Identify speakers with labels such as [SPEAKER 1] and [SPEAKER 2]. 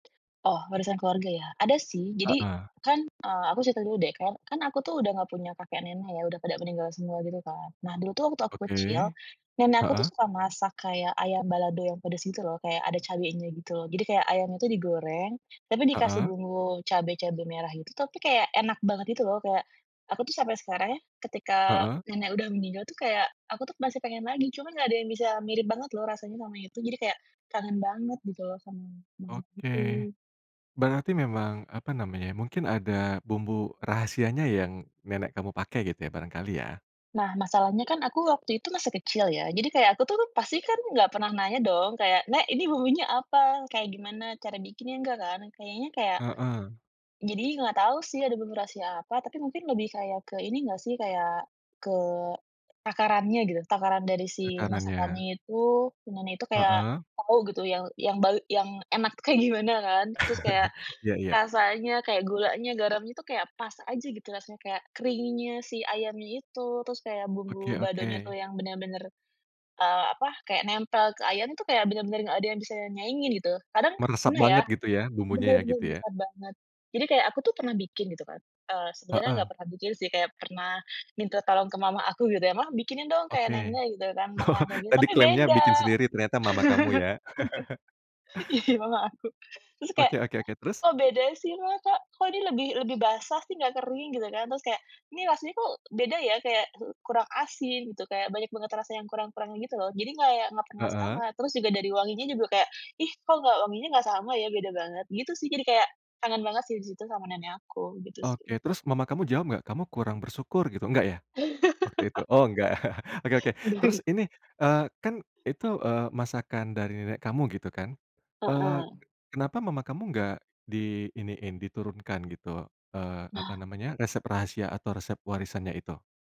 [SPEAKER 1] Oh, warisan keluarga ya? Ada sih, jadi
[SPEAKER 2] Heeh.
[SPEAKER 1] kan, eee, aku cerita dulu deh, kan aku tuh udah gak punya kakek nenek ya, udah pada meninggal semua gitu kan. Nah, dulu waktu aku kecil,
[SPEAKER 2] Oke.
[SPEAKER 1] nenek aku
[SPEAKER 2] Heeh.
[SPEAKER 1] suka masak kayak ayam balado yang pedes gitu lho, kayak ada cabenya gitu lho, jadi kayak ayamnya itu digoreng, tapi dikasih
[SPEAKER 2] Heeh.
[SPEAKER 1] bumbu cabe-cabe merah gitu, tapi kayak enak banget gitu lho. Kayak aku tuh sampai sekarang ya, ketika
[SPEAKER 2] Heeh.
[SPEAKER 1] nenek udah meninggal tuh kayak aku tuh masih pengen lagi, cuman nggak ada yang bisa mirip banget loh rasanya, sama itu jadi kayak kangen banget gitu loh sama [unintelligible]
[SPEAKER 2] Oke.
[SPEAKER 1] itu.
[SPEAKER 2] Berarti memang apa namanya ya, mungkin ada bumbu rahasia yang nenek kamu pakai gitu ya, barangkali ya.
[SPEAKER 1] Nah, masalahnya kan aku waktu itu masih kecil ya. Jadi kayak aku tuh pasti kan nggak pernah nanya dong kayak, "Nek, ini bumbunya apa? Kayak gimana cara bikinnya?" nggak kan. Kayaknya, kayak
[SPEAKER 2] Heeh.
[SPEAKER 1] jadi nggak tahu sih ada menu rahasia apa, tapi mungkin lebih kayak ke ini nggak sih, kayak ke takarannya gitu. Takaran dari si
[SPEAKER 2] Takarannya.
[SPEAKER 1] masakannya itu, [unintelligible] kayak
[SPEAKER 2] Heeh.
[SPEAKER 1] tau gitu yang yang bae yang enak kayak gimana kan. Terus kayak
[SPEAKER 2] Iya iya.
[SPEAKER 1] rasanya, kayak gulanya, garamnya itu kayak pas aja gitu rasanya, kayak keringnya si ayamnya itu. Terus kayak bumbu
[SPEAKER 2] Oke
[SPEAKER 1] baladonya itu
[SPEAKER 2] oke.
[SPEAKER 1] yang bener-bener nempel, eee, apa, nempel ke ayam itu kayak bener-bener nggak ada yang bisa nyaingin gitu. Kadang k
[SPEAKER 2] Meresap
[SPEAKER 1] pernah ya,
[SPEAKER 2] banget gitu ya? Bumbunya ya
[SPEAKER 1] bener-bener
[SPEAKER 2] gitu ya.
[SPEAKER 1] besar banget. Jadi kayak aku pernah bikin gitu kan. Eee, sebenarnya gak
[SPEAKER 2] Heeh.
[SPEAKER 1] pernah bikin sih, kayak pernah minta tolong ke mama aku gitu ya, "Mah, bikinin dong kayak
[SPEAKER 2] Oke.
[SPEAKER 1] nenek," gitu kan,
[SPEAKER 2] Oh,
[SPEAKER 1] makanan kayak gitu.
[SPEAKER 2] tadi
[SPEAKER 1] Tapi
[SPEAKER 2] klaimnya
[SPEAKER 1] beda.
[SPEAKER 2] bikin sendiri, ternyata mama kamu ya.
[SPEAKER 1] Iya, mama aku. Terus kayak,
[SPEAKER 2] Oke oke oke, terus?
[SPEAKER 1] "Kok beda sih Mah? Kok kok ini lebih lebih basah sih, nggak kering?" gitu kan. Terus kayak, ini rasanya kok beda ya, kayak kurang asin, gitu, kayak banyak banget rasa yang kurang-kurang gitu lho. Jadi kayak nggak pernah
[SPEAKER 2] Heeh.
[SPEAKER 1] sama, terus juga dari wanginya juga kayak, ih kok nggak wanginya gak sama ya, beda banget gitu sih, jadi kayak kangen banget sih di situ sama nenek aku, gitu sih.
[SPEAKER 2] Oke. Terus, mama kamu jawab gak? "Kamu kurang bersyukur," gitu. Enggak ya? Waktu itu oh enggak. Oke oke. Terus
[SPEAKER 1] [unintelligible]
[SPEAKER 2] ini, eee, kan itu, eee, masakan dari nenek kamu gitu kan. Eee,
[SPEAKER 1] Heeh.
[SPEAKER 2] kenapa mama kamu enggak di iniin, diturunkan gitu, eee, apa
[SPEAKER 1] Nah.
[SPEAKER 2] namanya, resep rahasia atau resep warisannya itu?